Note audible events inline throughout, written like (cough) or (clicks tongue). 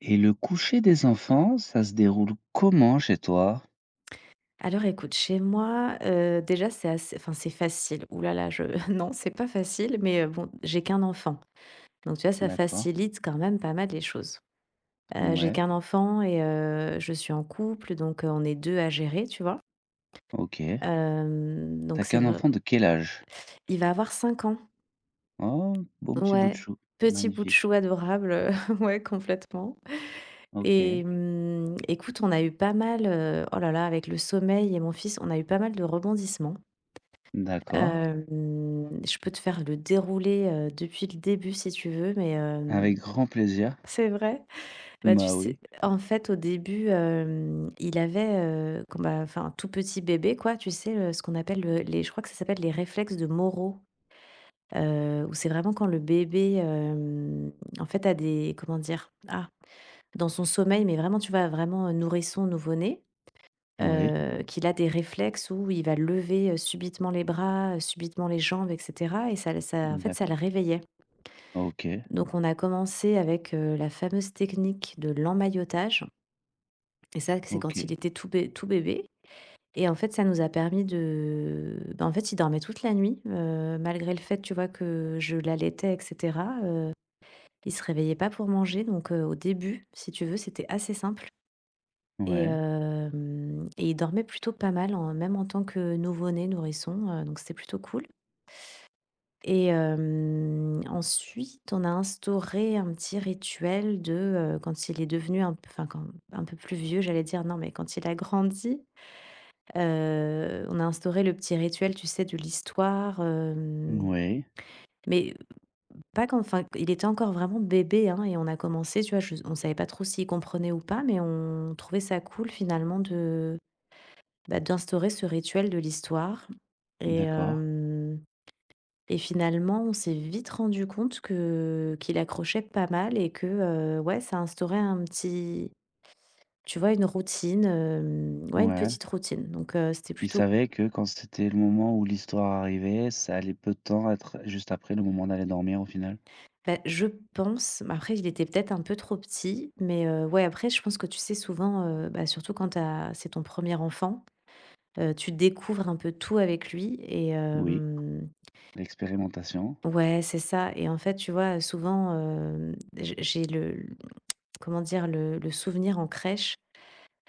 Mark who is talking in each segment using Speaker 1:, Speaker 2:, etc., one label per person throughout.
Speaker 1: Et le coucher des enfants, ça se déroule comment chez toi?
Speaker 2: Alors écoute, chez moi, heu, déjà c'est assez enfin c'est facile, ouh là là je non, c'est pas facile. Mais heu, bon, j'ai qu'un enfant donc tu vois, ça
Speaker 1: D'accord.
Speaker 2: facilite quand même pas mal les choses, heu, j'ai
Speaker 1: Mouais.
Speaker 2: qu'un enfant et heu, je suis en couple, donc heu, on est 2 à gérer, tu vois?
Speaker 1: OK.
Speaker 2: Hem,
Speaker 1: Tu as
Speaker 2: donc c'est
Speaker 1: qu'un
Speaker 2: vr
Speaker 1: enfant de quel âge?
Speaker 2: Il va avoir 5 ans.
Speaker 1: Oh, bon petit bout de
Speaker 2: Ouais,
Speaker 1: chou.
Speaker 2: petit bout de
Speaker 1: Magnifique.
Speaker 2: chou adorable, heu, (chuckles) ouais complètement, et
Speaker 1: OK.
Speaker 2: mmh, écoute, on a eu pas mal, heu oh là là, avec le sommeil et mon fils, on a eu pas mal de rebondissements.
Speaker 1: D'accord.
Speaker 2: Hem, je peux te faire le déroulé, heu, depuis le début si tu veux, mais hem
Speaker 1: Avec grand plaisir.
Speaker 2: c'est vrai? Et
Speaker 1: Mmh
Speaker 2: bah, tu
Speaker 1: bah,
Speaker 2: sais,
Speaker 1: oui.
Speaker 2: en fait, au début hem, il avait, heu quand bah, enfin, tout petit bébé, quoi, tu sais le ce qu'on appelle le les je crois que ça s'appelle les réflexes de Moro, heu, où c'est vraiment quand le bébé hem, en fait, a des comment dire? Ah, dans son sommeil, mais vraiment tu vois, vraiment heu, nourrisson, nouveau-né,
Speaker 1: Oui.
Speaker 2: heu, qu'il a des réflexes où il va lever, heu, subitement les bras, heu, subitement les jambes, et cetera et ça l ça, en
Speaker 1: Mmh
Speaker 2: fait ça
Speaker 1: d'acco
Speaker 2: le réveillait.
Speaker 1: OK.
Speaker 2: Donc, on a commencé avec, heu, la fameuse technique de l'emmaillotage et ça, que c'est quand il
Speaker 1: OK.
Speaker 2: était tout bé tout bébé et en fait ça nous a permis de bah, en fait il dormait toute la nuit heu, malgré le fait tu vois que je l'allaitais, et cetera, heu, il se réveillait pas pour manger. Donc heu, au début, si tu veux, c'était assez simple, et
Speaker 1: Ouais.
Speaker 2: hem et il dormait plutôt pas mal, en même en tant que nouveau-né, nourrisson, heu, donc c'était plutôt cool et hem, ensuite, on a instauré un petit rituel de, heu, quand il est devenu un p f enfin, quand, un peu plus vieux, j'allais dire, non, mais quand il a grandi, heu, on a instauré le petit rituel, tu sais, du l'histoire. Hem,
Speaker 1: Moui.
Speaker 2: mais, heu, pas que enfin q il était encore vraiment bébé hein, et on a commencé tu vois, je on savait pas trop s'il comprenait ou pas, mais on trouvait ça cool finalement de bah d'instaurer ce rituel de l'histoire, et
Speaker 1: D'accord.
Speaker 2: hem et finalement on s'est vite rendus compte que qu'il accrochait pas mal et que, heu, ouais ça instaurait un petit tu vois, une routine, hem, ouais, une
Speaker 1: Ouais.
Speaker 2: petite routine donc, heu, c'était
Speaker 1: Il
Speaker 2: plutôt
Speaker 1: savait que quand c'était le moment où l'histoire arrivait, ça allait, peu de temps être juste après, le moment d'aller dormir au final?
Speaker 2: Bah, je pense, mais après il était peut-être un peu trop petit, mais, heu, ouais après je pense que tu sais souvent, heu, bah, surtout quand tu as c'est ton 1er enfant, heu, tu découvres un peu tout avec lui et
Speaker 1: Oui.
Speaker 2: hem
Speaker 1: L'expérimentation.
Speaker 2: Ouais, c'est ça, et en fait, tu vois, heu, souvent hem, j'ai j'ai le l mmh, (clicks tongue) comment dire, le le souvenir en crèche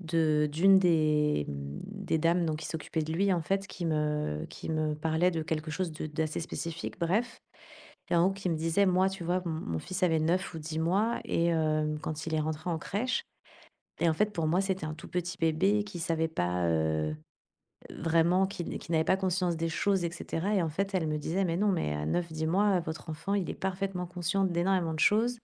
Speaker 2: de d'une des mmh, des dames, donc qui s'occupait de lui en fait, qui me qui me parlait de quelque chose de d'assez spécifique. Bref! Et en gros qui me disait moi tu vois m mon fils avait 9 ou 10 mois et hem quand il est rentré en crèche, et en fait pour moi, c'était un tout petit bébé qui savait pas, heu heu, vraiment qui n qui n'avait pas conscience des choses, et cetera. Et en fait, elle me disait: «Mais non, mais à 9 10 mois, heu, votre enfant, il est parfaitement conscient d'énormément de choses,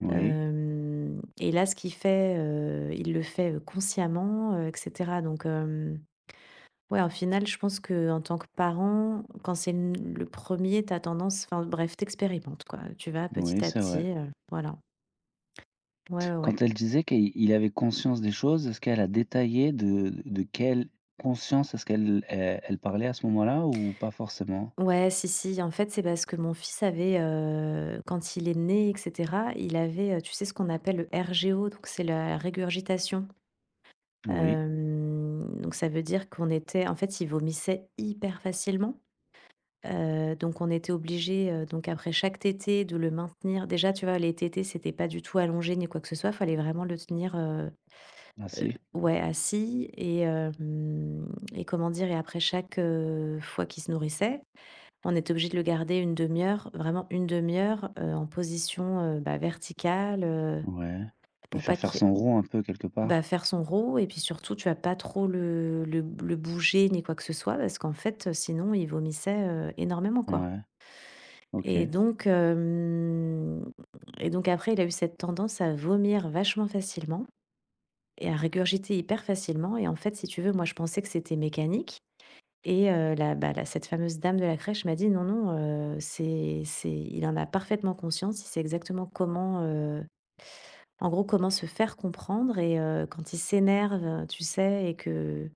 Speaker 1: Oui.
Speaker 2: hem, et là ce qu'il fait, heu, il le fait, heu, consciemment, heu, et cetera.» Donc hem, ouais, au final, je pense qu'en tant que parent, quand c'est le n le 1er tu as tendance enfin bref, tu expérimentes quoi, heu, tu vas
Speaker 1: Oui,
Speaker 2: petit à
Speaker 1: c'est vrai.
Speaker 2: petit, heu, voilà. Ouais, ouais, ouais.
Speaker 1: Quand elle disait qu'il il avait conscience des choses, est-ce qu'elle a détaillé de de quelle conscience est-ce qu'elle elle elle parlait à ce moment-là ou pas forcément?
Speaker 2: Ouais, si, si, en fait, c'est parce que mon fils avait, heu, quand il est né, et cetera, il avait, heu, tu sais, ce qu'on appelle le RGO donc c'est la régurgitation.
Speaker 1: Oui.
Speaker 2: Hem, donc ça veut dire qu'on était en fait, il vomissait hyper facilement. Heu, donc on était obligés, heu, donc après chaque tétée, de le maintenir. Déjà, tu vois, les tétées, c'était pas du tout allongé ni quoi que ce soit, fallait vraiment le tenir, heu heu,
Speaker 1: Assis.
Speaker 2: ouais assis, et hem et comment dire, et après chaque, heu, fois qu'il se nourrissait, on était obligés de le garder 1/2 heure, vraiment 1/2 heure, heu, en position, heu, bah verticale, heu,
Speaker 1: Ouais, lui
Speaker 2: pour pas
Speaker 1: faire faire
Speaker 2: qu'il y ait
Speaker 1: son rot, un peu, quelque
Speaker 2: bah
Speaker 1: part?
Speaker 2: faire son rot, et puis surtout tu vois pas trop le le b le bouger ni quoi que ce soit, parce qu'en fait, heu, sinon il vomissait, heu, énormément quoi
Speaker 1: Ouais.
Speaker 2: et
Speaker 1: OK.
Speaker 2: donc hem et donc après, il a eu cette tendance à vomir vachement facilement et à régurgiter hyper facilement, et en fait, si tu veux, moi, je pensais que c'était mécanique, et heu, la bah la cette fameuse dame de la crèche m'a dit: «Non, non, heu, c'est c'est il en a parfaitement conscience. Il sait exactement comment, heu en gros, comment se faire comprendre et heu, quand il s'énerve, heu, tu sais et que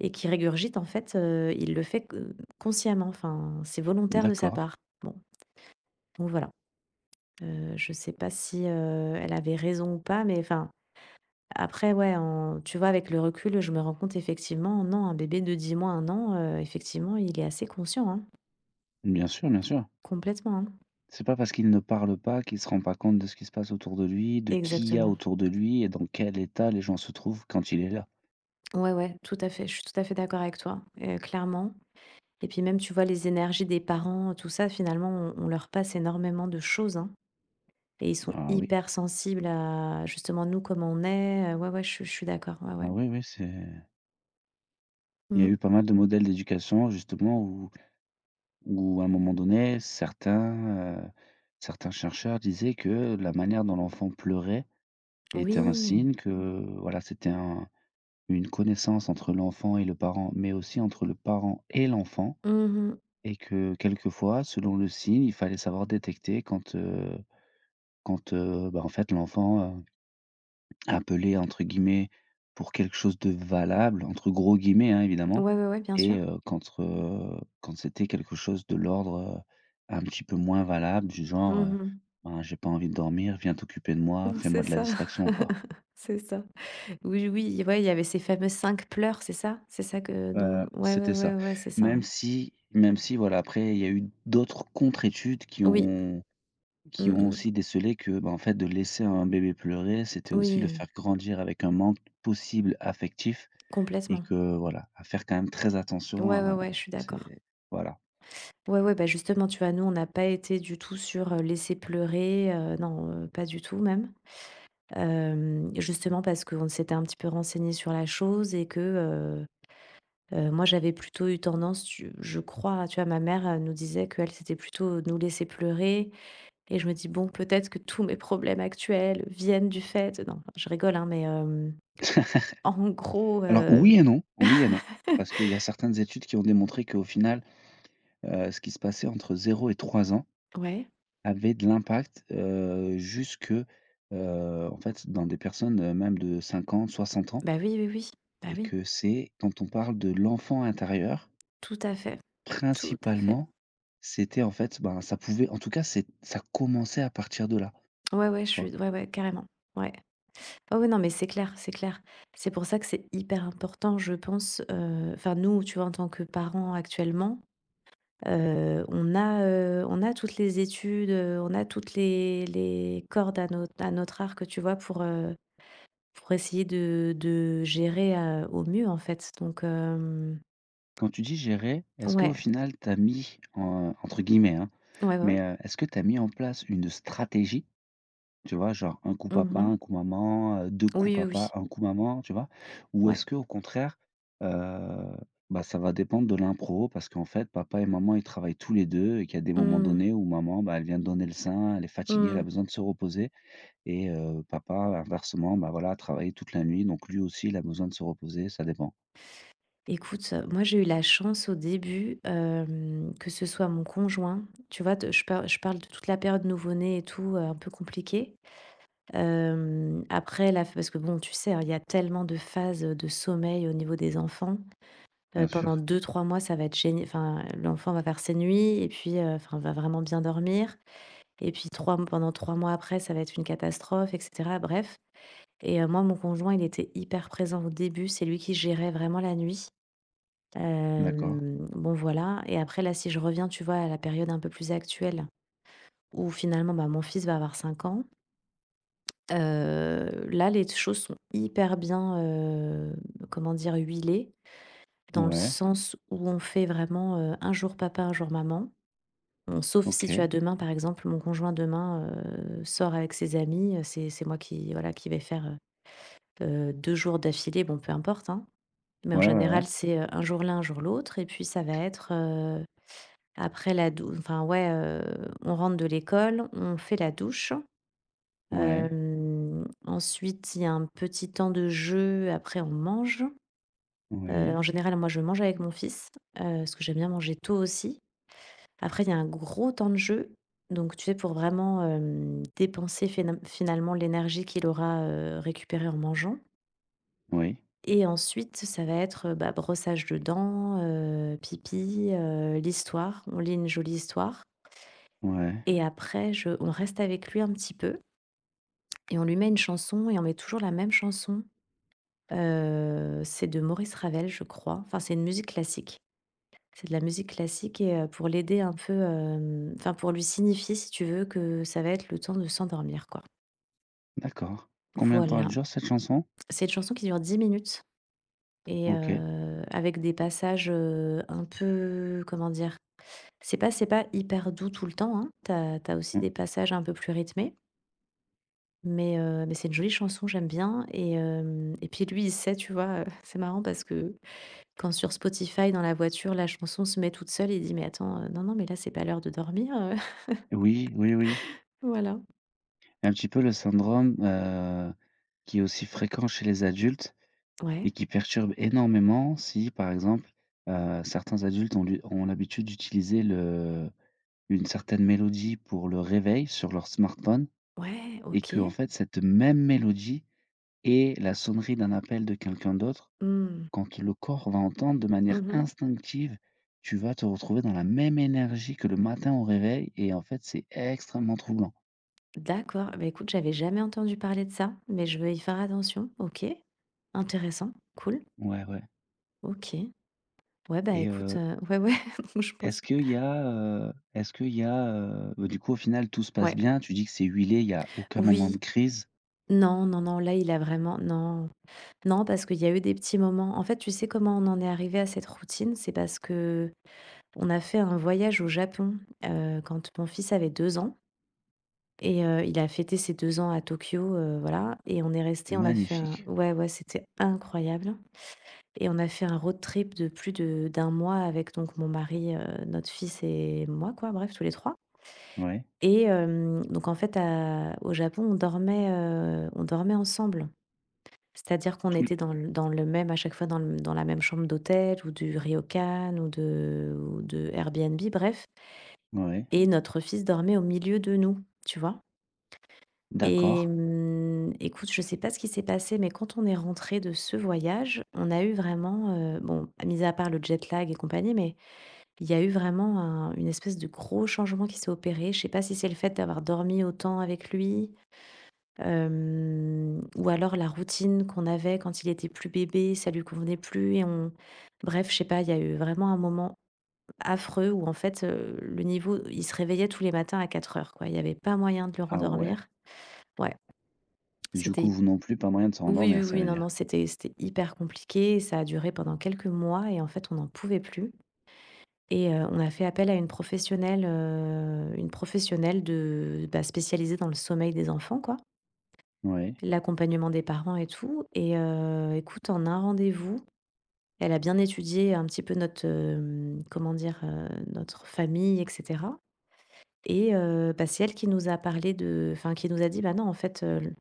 Speaker 2: et qu'il régurgite, en fait, heu, il le fait q heu, consciemment. Enfin, c'est volontaire de sa
Speaker 1: D'accord.
Speaker 2: part». Bon bon voilà, heu, je sais pas si, heu, elle avait raison ou pas, mais enfin, après, ouais, en tu vois, avec le recul, je me rends compte effectivement, non, un bébé de 10 mois, 1 an, heu, effectivement il est assez conscient, hein.
Speaker 1: Bien sûr, bien sûr.
Speaker 2: Complètement, hein.
Speaker 1: C'est pas parce qu'il ne parle pas qu'il se rend pas compte de ce qu'il se passe autour de lui, de qui il y a
Speaker 2: Exactement.
Speaker 1: autour de lui et dans quel état les gens se trouvent quand il est là.
Speaker 2: Ouais, ouais, tout à fait, je suis tout à fait d'accord avec toi et clairement et puis même, tu vois les énergies des parents, tout ça, finalement, on on leur passe énormément de choses, hein et ils sont
Speaker 1: Ah oui.
Speaker 2: hypersensibles à justement nous, comment on est. Heu, ouais, ouais, je suis je suis d'accord, ouais
Speaker 1: Ah
Speaker 2: ouais.
Speaker 1: oui oui, c'est Il y a eu
Speaker 2: Mmh.
Speaker 1: pas mal de modèles d'éducation justement, où où un moment donné certains, heu certains chercheurs disaient que la manière dont l'enfant pleurait était un
Speaker 2: Oui.
Speaker 1: signe que voilà, c'était un une connaissance entre l'enfant et le parent, mais aussi entre le parent et l'enfant
Speaker 2: Mmh mh.
Speaker 1: et que quelquefois, selon le signe il fallait savoir détecter quand, heu quand, heu, bah en fait l'enfant, heu, appelait entre guillemets «pour quelque chose de valable», entre gros guillemets, hein, évidemment
Speaker 2: Ouais ouais ouais bien sûr.
Speaker 1: et heu, contre, heu quand c'était quelque chose de l'ordre, heu, un petit peu moins valable, du genre, heu,
Speaker 2: Mmh mh.
Speaker 1: ben j'ai pas envie de dormir, viens t'occuper de moi,
Speaker 2: Bah
Speaker 1: fais moi
Speaker 2: c'est
Speaker 1: de la
Speaker 2: ça,
Speaker 1: distraction quoi.
Speaker 2: (laughs) c'est ça. Oui oui, ouais il y avait ces fameux 5 pleurs, c'est ça? C'est ça que dont
Speaker 1: Heu,
Speaker 2: ouais
Speaker 1: c'était ça.
Speaker 2: ouais ouais, c'est ça,
Speaker 1: Même
Speaker 2: hein?
Speaker 1: si même si voilà, après il y a eu d'autres contre-études qui
Speaker 2: Oui.
Speaker 1: ont qui
Speaker 2: Mmh
Speaker 1: ont
Speaker 2: mh.
Speaker 1: aussi décelé que, ben en fait de laisser un bébé pleurer, c'était aussi le
Speaker 2: Oui.
Speaker 1: faire grandir avec un manque possible affectif et
Speaker 2: Complètement.
Speaker 1: que, voilà, à faire quand même très
Speaker 2: Ouais,
Speaker 1: attention,
Speaker 2: ouais,
Speaker 1: heu,
Speaker 2: ouais, je suis d'accord.
Speaker 1: c'est voilà.
Speaker 2: Ouais, ouais, bah, justement tu vois? Nous on n'a pas été du tout sur, heu, laisser pleurer, heu, non, heu, pas du tout même. Hem, justement parce qu'on s'était un petit peu renseignés sur la chose et que, heu heu, moi j'avais plutôt eu tendance, tu je crois, tu vois, ma mère, elle nous disait qu'elle, c'était plutôt nous laisser pleurer et je me dis: «Bon, peut-être que tous mes problèmes actuels viennent du fait» non, enfin je rigole, hein, mais hem en gros
Speaker 1: (laughs) Alors
Speaker 2: heu
Speaker 1: oui et non, oui et non. Parce qu'il y a
Speaker 2: (laughs)
Speaker 1: certaines études qui ont démontré qu'au final, heu, ce qui se passait entre 0 et 3 ans
Speaker 2: Ouais.
Speaker 1: avait de l'impact, heu, jusque, heu, en fait dans des personnes même de 50, 60 ans
Speaker 2: Bah oui, oui, oui, bah
Speaker 1: et
Speaker 2: oui.
Speaker 1: que c'est quand on parle de l'enfant intérieur
Speaker 2: Tout à fait, tout à fait.
Speaker 1: principalement c'était en fait ben, ça pouvait en tout cas c'est ça commençait à partir de là,
Speaker 2: Ouais, ouais,
Speaker 1: tu
Speaker 2: je
Speaker 1: vois?
Speaker 2: suis d ouais, ouais carrément. Ouais. Ah oui non, mais c'est clair, c'est clair. C'est pour ça que c'est hyper important je pense, heu enfin nous tu vois en tant que parents actuellement, heu, on a, heu on a toutes les études, heu, on a toutes les les cordes à notre à notre arc tu vois, pour, heu pour essayer de de gérer à au mieux, heu, en fait, donc hem
Speaker 1: Quand tu dis gérer, est-ce qu'au
Speaker 2: Ouais.
Speaker 1: final tu as mis, heu, entre guillemets, hein,
Speaker 2: Ouais,
Speaker 1: mais
Speaker 2: ouais.
Speaker 1: heu, est-ce que tu as mis en place une stratégie? Tu vois genre un coup
Speaker 2: Mmh
Speaker 1: papa,
Speaker 2: mh.
Speaker 1: un coup maman, heu, 2 coups
Speaker 2: Oui, oui, oui.
Speaker 1: papa, 1 coup maman, tu vois? Ou
Speaker 2: Ouais.
Speaker 1: est-ce qu'au contraire, heu, bah ça va dépendre de l'impro, parce qu'en fait papa et maman, ils travaillent tous les 2, et qu'il y a des moments
Speaker 2: Mmh.
Speaker 1: donnés où maman, bah, elle vient de donner le sein, elle est fatiguée, elle a
Speaker 2: Mmh.
Speaker 1: besoin de se reposer et heu, papa inversement, bah voilà, a travaillé toute la nuit, donc lui aussi, il a besoin de se reposer, ça dépend.
Speaker 2: Écoute, heu, moi j'ai eu la chance au début, hem, que ce soit mon conjoint. Tu vois, de je parle je parle de toute la période nouveau-né et tout, heu, un peu compliquée. Hem, après la f parce que bon tu sais, hein, il y a tellement de phases, heu, de sommeil au niveau des enfants. Heu,
Speaker 1: Bien
Speaker 2: pendant
Speaker 1: sûr.
Speaker 2: 2-3 mois ça va être gén enfin l'enfant va faire ses nuits et puis, heu, enfin va vraiment bien dormir et puis 3 mo pendant 3 mois après, ça va être une catastrophe et cetera bref et heu, moi, mon conjoint, il était hyper présent au début, c'est lui qui gérait vraiment la nuit.
Speaker 1: D'accord.
Speaker 2: Hem, bon voilà et après là, si je reviens, tu vois à la période un peu plus actuelle où finalement, bah, mon fils va avoir 5 ans heu, là, les t choses sont hyper bien, heu, comment dire, huilées. Dans le
Speaker 1: Ouais.
Speaker 2: sens où on fait vraiment, heu, un jour papa, un jour maman. Bon sauf si tu
Speaker 1: OK.
Speaker 2: as demain par exemple, mon conjoint demain, heu, sort avec ses amis, heu, c'est c'est moi qui voilà, qui vais faire, heu heu, 2 jours d'affilée, bon peu importe, hein, mais en
Speaker 1: Ouais, ouais, ouais.
Speaker 2: général, c'est un jour l'un, un jour l'autre et puis ça va être, heu, après la dou enfin ouais, heu, on rentre de l'école, on fait la douche.
Speaker 1: Ouais.
Speaker 2: Hem, ensuite, il y a un petit temps de jeu. Après, on mange. Heu, en
Speaker 1: Oui.
Speaker 2: général, moi, je mange avec mon fils. Heu, parce que j'aime bien manger tôt aussi. Après, il y a un gros temps de jeu, donc tu sais, pour vraiment, hem, dépenser fénal finalement l'énergie qu'il aura, heu, récupérée en mangeant.
Speaker 1: Oui.
Speaker 2: Et ensuite, ça va être, heu, bah, brossage de dents, heu, pipi, heu, l'histoire, on lit une jolie histoire.
Speaker 1: Ouais.
Speaker 2: Et après je on reste avec lui, un petit peu. Et on lui met une chanson et on met toujours la même chanson. Heu, c'est de Maurice Ravel, je crois. Enfin, c'est une musique classique. C'est de la musique classique et heu, pour l'aider un peu, hem, enfin pour lui signifier, si tu veux, que ça va être le temps de s'endormir quoi.
Speaker 1: D'accord, combien de temps, elle
Speaker 2: Voilà,
Speaker 1: dure cette chanson?
Speaker 2: cette chanson qui dure 10 minutes et
Speaker 1: OK.
Speaker 2: heu, avec des passages, heu, un peu, comment dire? C'est pas c'est pas hyper doux, tout le temps, hein. Tu as tu as aussi
Speaker 1: Mmh.
Speaker 2: des passages un peu plus rythmés mais heu, mais c'est une jolie chanson, j'aime bien et hem, et puis, lui il sait tu vois? (chuckles) Heu, c'est marrant, parce que, quand sur Spotify, dans la voiture, la chanson se met toute seule, il dit: «Mais attends, heu, non, non, mais là c'est pas l'heure de dormir, heu».
Speaker 1: Oui, oui, oui.
Speaker 2: (laughs) Voilà.
Speaker 1: Un petit peu le syndrome, heu, qui est aussi fréquent chez les adultes et
Speaker 2: Ouais.
Speaker 1: qui perturbe énormément. Si, par exemple, heu, certains adultes ont lu ont l'habitude d'utiliser le une certaine mélodie, pour le réveil sur leur smartphone
Speaker 2: Ouais!
Speaker 1: et
Speaker 2: OK.
Speaker 1: qu'en fait, cette même mélodie, est la sonnerie d'un appel de quelqu'un d'autre.
Speaker 2: Mmh.
Speaker 1: Quand le corps va entendre de manière
Speaker 2: Mmh mh.
Speaker 1: instinctive, tu vas te retrouver dans la même énergie que le matin, au réveil et en fait c'est extrêmement troublant.
Speaker 2: D'accord, et bah écoute, j'avais jamais entendu parler de ça, mais je vais y faire attention. OK, intéressant, cool.
Speaker 1: Ouais, ouais.
Speaker 2: OK, ouais, bah
Speaker 1: Et
Speaker 2: écoute,
Speaker 1: heu
Speaker 2: heu, ouais, ouais, moi, je pense.
Speaker 1: est-ce qu'il y a, heu, est-ce qu'il y a, heu, bah, du coup, au final, tout se passe
Speaker 2: Ouais.
Speaker 1: bien, tu dis que c'est huilé, il y a aucun moment de
Speaker 2: Oui.
Speaker 1: crise.
Speaker 2: Non, non, non, là, il a vraiment non. Non, parce qu'il y a eu des petits moments en fait, tu sais comment on en est arrivés à cette routine? C'est parce qu'on a fait un voyage au Japon, heu, quand mon fils avait 2 ans et heu, il a fêté ses 2 ans à Tokyo, heu, voilà et on est restés on a fait un
Speaker 1: Magnifique!
Speaker 2: ouais, ouais, c'était incroyable et on a fait un road trip de plus de d'1 mois avec, donc mon mari, heu, notre fils et moi quoi, bref tous les 3
Speaker 1: Ouais.
Speaker 2: et hem, donc en fait, à au Japon, on dormait, heu, on dormait ensemble. C'est-à-dire qu'on
Speaker 1: Tous
Speaker 2: était dans l dans le même, à chaque fois, dans l dans la même chambre d'hôtel ou du Ryokan ou de ou de Airbnb, bref
Speaker 1: Ouais.
Speaker 2: et notre fils dormait au milieu de nous, tu vois? Et
Speaker 1: D'accord.
Speaker 2: mmh, écoute, je sais pas ce qui s'est passé, mais quand on est rentrés de ce voyage, on a eu vraiment, heu, bon, mis à part le jet-lag et compagnie, mais il y a eu vraiment un une espèce de gros changement qui s'est opéré. Je sais pas si c'est le fait d'avoir dormi autant avec lui, hem, ou alors la routine qu'on avait, quand il était plus bébé, ça lui convenait plus et on bref, je sais pas, il y a eu vraiment un moment, affreux, où en fait, heu, le niveau il se réveillait tous les matins à 4:00 quoi. Il y avait pas moyen de le
Speaker 1: Ah ouais!
Speaker 2: rendormir. Ouais
Speaker 1: Du
Speaker 2: c'était
Speaker 1: coup,
Speaker 2: hyp
Speaker 1: vous, non plus, pas moyen de
Speaker 2: oui,
Speaker 1: s'endormir,
Speaker 2: oui,
Speaker 1: ça
Speaker 2: oui,
Speaker 1: veut
Speaker 2: non, non,
Speaker 1: dire.
Speaker 2: c'était c'était hyper compliqué et ça a duré pendant quelques mois et en fait, on en pouvait plus et heu, on a fait appel à une professionnelle, heu, une professionnelle de bah spécialisée dans le sommeil des enfants quoi
Speaker 1: Ouais.
Speaker 2: l'accompagnement des parents et tout, et heu, écoute, en un rendez-vous, elle a bien étudié un petit peu notre, heu, comment dire? Heu, notre famille, et cetera et heu, bah c'est elle qui nous a parlé de enfin qui nous a dit: «Bah non, en fait, heu, le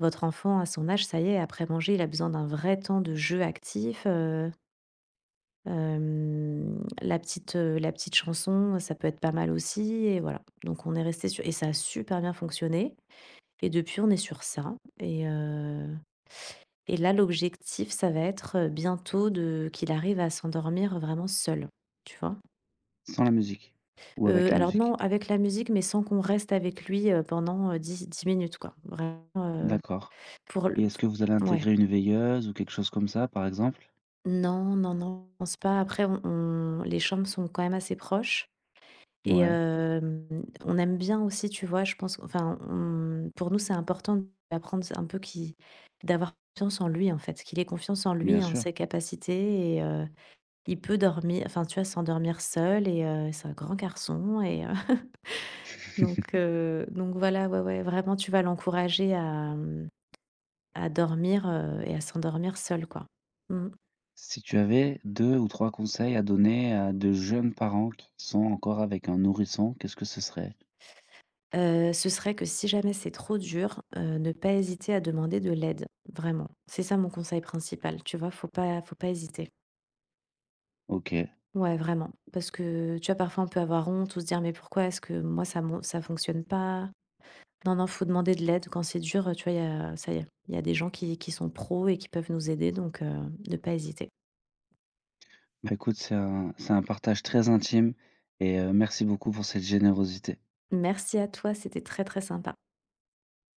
Speaker 2: votre enfant à son âge, ça y est, après manger, il a besoin d'un vrai temps de jeu actif, heu,». Hem, la petite, heu la petite chanson, ça peut être pas mal aussi et voilà, donc on est restés su et ça a super bien fonctionné, et depuis, on est sur ça, et heu et là, l'objectif, ça va être, heu, bientôt de qu'il arrive à s'endormir, vraiment seul, tu vois?
Speaker 1: Sans la musique ou
Speaker 2: Heu,
Speaker 1: avec la
Speaker 2: alors,
Speaker 1: musique?
Speaker 2: non, avec la musique mais sans qu'on reste avec lui, heu, pendant, heu, di dix minutes quoi, vraiment, heu,
Speaker 1: D'accord,
Speaker 2: pour le
Speaker 1: et est-ce que vous allez
Speaker 2: f ouais.
Speaker 1: intégrer une veilleuse ou quelque chose comme ça par exemple?
Speaker 2: Non, non, non, pense pas après, on on les chambres sont quand même assez proches, et
Speaker 1: Ouais.
Speaker 2: hem, on aime bien aussi tu vois? Je pense enfin on pour nous c'est important de lui apprendre ça un peu, qui d'avoir confiance en lui en fait, qu'il ait confiance en lui
Speaker 1: Bien
Speaker 2: et en
Speaker 1: sûr.
Speaker 2: ses capacités et heu, il peut dormir, enfin tu vois? S'endormir seul et heu, c'est un grand garçon et heu (chuckles)
Speaker 1: (chuckles)
Speaker 2: donc heu donc voilà, ouais, ouais, vraiment tu vois? L'encourager à à dormir, heu, et à s'endormir seul quoi, mmh.
Speaker 1: Si tu avais 2 ou 3 conseils à donner à de jeunes parents qui sont encore avec un nourrisson, qu'est-ce que ce serait?
Speaker 2: Heu, ce serait que, si jamais c'est trop dur, heu, ne pas hésiter à demander de l'aide, vraiment. C'est ça mon conseil principal, tu vois? Faut pas faut pas hésiter.
Speaker 1: OK.
Speaker 2: Ouais, vraiment, parce que tu vois? Parfois on peut avoir honte ou se dire, mais pourquoi est-ce que moi ça mon ça fonctionne pas? Non, non, faut demander de l'aide quand c'est dur, heu, tu vois? Il y a ça y est il y a des gens qui qui sont pros et qui peuvent nous aider, donc heu, de pas hésiter.
Speaker 1: Bah, écoute c'est un c'est un partage très intime et heu, merci beaucoup pour cette générosité.
Speaker 2: Merci à toi, c'était très, très sympa.